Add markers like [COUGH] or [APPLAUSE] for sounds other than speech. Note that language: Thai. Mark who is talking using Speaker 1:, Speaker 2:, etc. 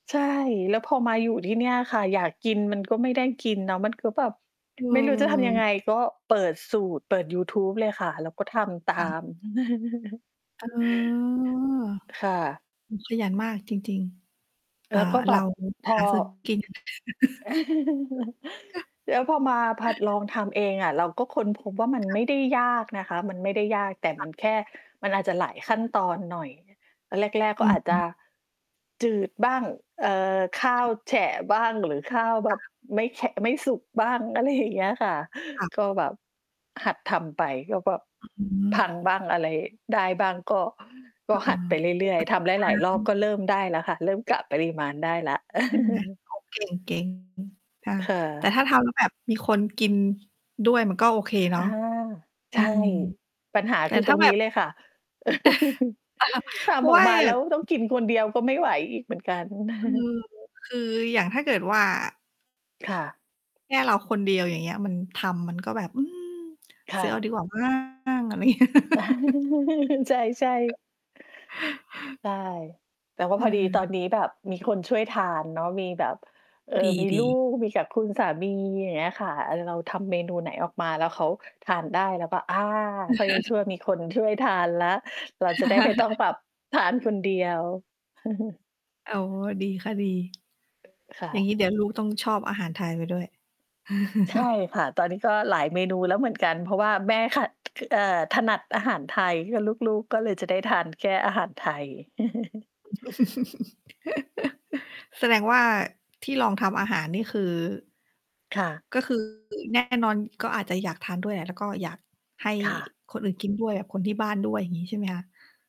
Speaker 1: ใช่ แล้วพอมาอยู่ที่เนี่ยอะค่ะ อยากกินมันก็ไม่ได้กินเนาะ มันก็แบบ
Speaker 2: อ
Speaker 1: ไม่รู้จะทำยัง
Speaker 2: ืม
Speaker 1: ไงก็เปิดสูตร เปิดยูทูบเลยค่ะ แล้วก็ทำตา
Speaker 2: ค่ะ
Speaker 1: ม [CHUCKLES]
Speaker 2: เออ
Speaker 1: ค่ะ
Speaker 2: ขยันมากจริง ๆ อ
Speaker 1: แ
Speaker 2: ่
Speaker 1: ล
Speaker 2: า
Speaker 1: ้วก็แ
Speaker 2: เร
Speaker 1: บ
Speaker 2: า
Speaker 1: บพอ
Speaker 2: หาซื้อกิน
Speaker 1: [CHUCKLES]
Speaker 2: [CHUCKLES]
Speaker 1: แล้วพอมาผัดลองทำเองอะเราก็ค้นพบว่ามัน
Speaker 2: ค่
Speaker 1: ไม
Speaker 2: ะ
Speaker 1: ่ได้ยากนะคะ มันไม่ได้ยาก แต่ม
Speaker 2: ค่
Speaker 1: ั
Speaker 2: ะ
Speaker 1: นแค่มันอาจจะหลายขั้นตอนหน่อยแรก ๆ ก
Speaker 2: อ
Speaker 1: ็
Speaker 2: ื
Speaker 1: อ
Speaker 2: อ
Speaker 1: าจ
Speaker 2: ฮ
Speaker 1: จ
Speaker 2: ึ
Speaker 1: ะจืดบ้าง เอ่อ ข้าวแฉะบ้างหรือข้าวแบ
Speaker 2: ค่
Speaker 1: บ
Speaker 2: ะ
Speaker 1: ไม่แฉะ ไม่สุกบ้าง อะไรอย่างเงี้ย ค่ะ
Speaker 2: ค่ะ
Speaker 1: ก็แบบหัดทำไป ก็แบบ
Speaker 2: อือฮ
Speaker 1: พัง
Speaker 2: ึ
Speaker 1: บ้าง อะไรได้บ้างก็ ก
Speaker 2: เอ
Speaker 1: ็หัด
Speaker 2: อ
Speaker 1: ไป
Speaker 2: เป
Speaker 1: เร
Speaker 2: ็
Speaker 1: ื
Speaker 2: น
Speaker 1: ่อ
Speaker 2: ป
Speaker 1: ย
Speaker 2: ระ
Speaker 1: ๆ
Speaker 2: ส
Speaker 1: ท
Speaker 2: บ
Speaker 1: ำห
Speaker 2: ก
Speaker 1: ลาย ๆ รอบ
Speaker 2: า
Speaker 1: ก
Speaker 2: ร
Speaker 1: ็
Speaker 2: ณ
Speaker 1: เร
Speaker 2: ์
Speaker 1: ิ่มได้แล้วค่ะ เริ่มกะปริมาณได้แล้ว
Speaker 2: ใช่ไหม
Speaker 1: [CHUCKLES]
Speaker 2: โอ้ เก่ง ๆ อือ ค่ะ
Speaker 1: ค่
Speaker 2: แต่
Speaker 1: ะ
Speaker 2: ถ้าทำแล้วแบบ มีคนกิน ด้วย มันก็โอเค
Speaker 1: ค
Speaker 2: เน
Speaker 1: ่
Speaker 2: า
Speaker 1: ะ
Speaker 2: ะ อ
Speaker 1: ใ
Speaker 2: ื
Speaker 1: ช่
Speaker 2: ม
Speaker 1: ปัญหา
Speaker 2: แต่
Speaker 1: คือ
Speaker 2: ถ
Speaker 1: ต
Speaker 2: ้
Speaker 1: ร
Speaker 2: า
Speaker 1: ง
Speaker 2: แบ
Speaker 1: นี้
Speaker 2: บ
Speaker 1: เลยค่ะ [LAUGHS] ท
Speaker 2: [CHUCKLES] เพรา
Speaker 1: ำ
Speaker 2: ะ
Speaker 1: อ
Speaker 2: ว
Speaker 1: อก
Speaker 2: ่า
Speaker 1: มาแล้วต้องกินคนเดียว ก็ไม่ไหวอีกเหมือนกัน
Speaker 2: คื
Speaker 1: [CHUCKLES]
Speaker 2: อ คืออย่างถ้าเกิดว่า
Speaker 1: ค่ะ
Speaker 2: แค่เราคนเดียว อย่างเงี้ย มันทำมันก็แบบ อืม
Speaker 1: ค่
Speaker 2: ซื้อเอา
Speaker 1: ะ
Speaker 2: ดีกว่า มั้ง อะไรเงี้ย
Speaker 1: [CHUCKLES] ใช่ ๆ
Speaker 2: [LAUGHS]
Speaker 1: ใช่ แต่ว่า
Speaker 2: อื
Speaker 1: พอดีตอ
Speaker 2: ม
Speaker 1: นนี้แบบมีคนช่วยทานเนาะ มีแบบ เอ่อ
Speaker 2: ด
Speaker 1: มีล
Speaker 2: ี
Speaker 1: ู
Speaker 2: ๆ
Speaker 1: ก มีกับคุณสามี อย่างเงี้ยค่ะ เอ่อ เราทำเมนูไหนออกมาแล้วเขาทานได้ แล้วก็ อา คอยยังชั่ว
Speaker 2: [LAUGHS]
Speaker 1: มีคนช่วยทานแล้ว เราจะได้ไม่ต้องแบบ
Speaker 2: [LAUGHS]
Speaker 1: ทานคนเดียว [CHUCKLES]
Speaker 2: อ๋อ ดีค่ะ ดี
Speaker 1: ค่
Speaker 2: อย่างงี
Speaker 1: ะ
Speaker 2: ้ เดี๋ยวลูกต้องชอบอาหารไทยไปด้วย
Speaker 1: ใช่
Speaker 2: [LAUGHS]
Speaker 1: ค่ะ ตอนนี้ก็หลายเมนูแล้วเหมือนกัน เพราะว่าแม่ขัด เอ่อ ถนัดอาหารไทย ก็ลูก ๆ ก็เลยจะได้ทานแค่อาหารไทย [CHUCKLES]
Speaker 2: [LAUGHS] แสดงว่าที่ลองทำอาหาร นี่คือ
Speaker 1: ค่ะ
Speaker 2: ก็คือ แน่นอน ก็อาจจะอยากทานด้วยแหละ แล้วก็อยากให้
Speaker 1: ค่ะ
Speaker 2: คนอื่นกินด้วย คนที่บ้านด้วย อย่างงี้ ใช่ไหมคะ